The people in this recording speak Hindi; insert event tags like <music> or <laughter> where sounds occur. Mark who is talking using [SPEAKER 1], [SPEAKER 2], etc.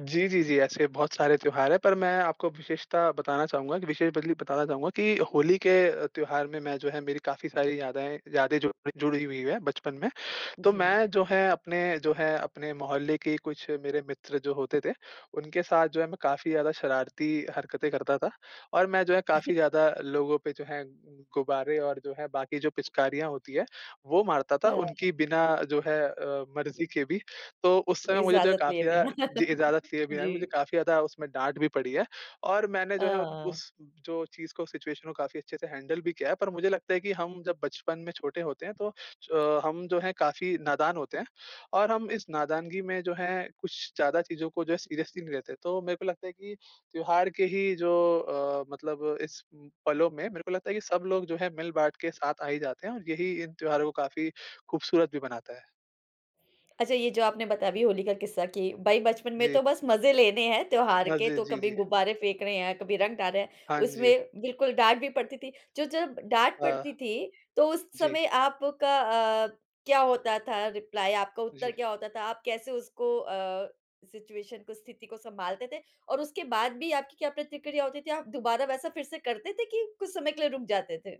[SPEAKER 1] जी, जी, जी। ऐसे बहुत सारे त्योहार है पर मैं आपको विशेषता बताना चाहूँगा, विशेष बदली बताना चाहूँगा की होली के अ, त्योहार में मैं जो है मेरी काफ़ी सारी यादें यादें जुड़ी जुड़ी हुई है बचपन में। तो
[SPEAKER 2] जी।
[SPEAKER 1] मैं जो है, अपने जो है अपने मोहल्ले के कुछ मेरे मित्र जो होते थे, उनके साथ जो है मैं काफ़ी ज़्यादा शरारती हरकतें करता था। और मैं जो है
[SPEAKER 2] <chuckles>
[SPEAKER 1] काफ़ी ज़्यादा लोगों पे जो है गुब्बारे और जो है बाकी जो पिचकारियाँ होती है, वो मारता था
[SPEAKER 2] हाँ।
[SPEAKER 1] उनकी बिना जो है अ, मर्जी के भी, तो उस समय मुझे जो है
[SPEAKER 2] इजाज़त लिए
[SPEAKER 1] काफ़ी ज़्यादा
[SPEAKER 2] बिना।
[SPEAKER 1] जी।
[SPEAKER 2] <laughs>
[SPEAKER 1] इजाज़त लिए बिना
[SPEAKER 2] जी।
[SPEAKER 1] मुझे काफ़ी ज़्यादा उसमें डाँट भी पड़ी है। और मैंने
[SPEAKER 2] अ,
[SPEAKER 1] जो है
[SPEAKER 2] हाँ।
[SPEAKER 1] उस जो चीज़ को सिचुएशन को काफ़ी अच्छे से हैंडल भी किया है पर मुझे लगता है कि हम जब बचपन में छोटे होते हैं तो अ, हम जो है काफ़ी नादान होते हैं, और हम इस नादानगी में जो है कुछ ज़्यादा चीज़ों को जो है सीरियसली नहीं लेते। तो मेरे को लगता है कि त्योहार के ही जो अ, मतलब इस उम, पलों में मेरे को लगता है कि सब लोग जो है मिल-बाँट के साथ आ ही जाते हैं और यही इन त्योहारों को काफ़ी खूबसूरत भी बनाता है।
[SPEAKER 2] अच्छा ये जो आपने बताया अभी होली का किस्सा कि भाई बचपन में तो
[SPEAKER 1] जी।
[SPEAKER 2] बस मज़े लेने हैं त्योहार
[SPEAKER 1] हाँ
[SPEAKER 2] के
[SPEAKER 1] जी।
[SPEAKER 2] तो
[SPEAKER 1] जी,
[SPEAKER 2] कभी
[SPEAKER 1] जी।
[SPEAKER 2] गुब्बारे फेंक रहे हैं, कभी रंग डाल रहे हैं,
[SPEAKER 1] हाँ जी।
[SPEAKER 2] उसमें बिल्कुल डाँट भी पड़ती थी। जो जब डाँट
[SPEAKER 1] अ,
[SPEAKER 2] पड़ती थी, तो उस
[SPEAKER 1] जी।
[SPEAKER 2] समय आपका अ, क्या होता था रिप्लाई आपका उत्तर
[SPEAKER 1] जी।
[SPEAKER 2] क्या होता था? आप कैसे उसको अ, सिचुएशन को स्थिति को संभालते थे, और उसके बाद भी आपकी क्या प्रतिक्रिया होती थी? आप दोबारा वैसा फिर से करते थे कि कुछ समय के लिए रुक जाते थे?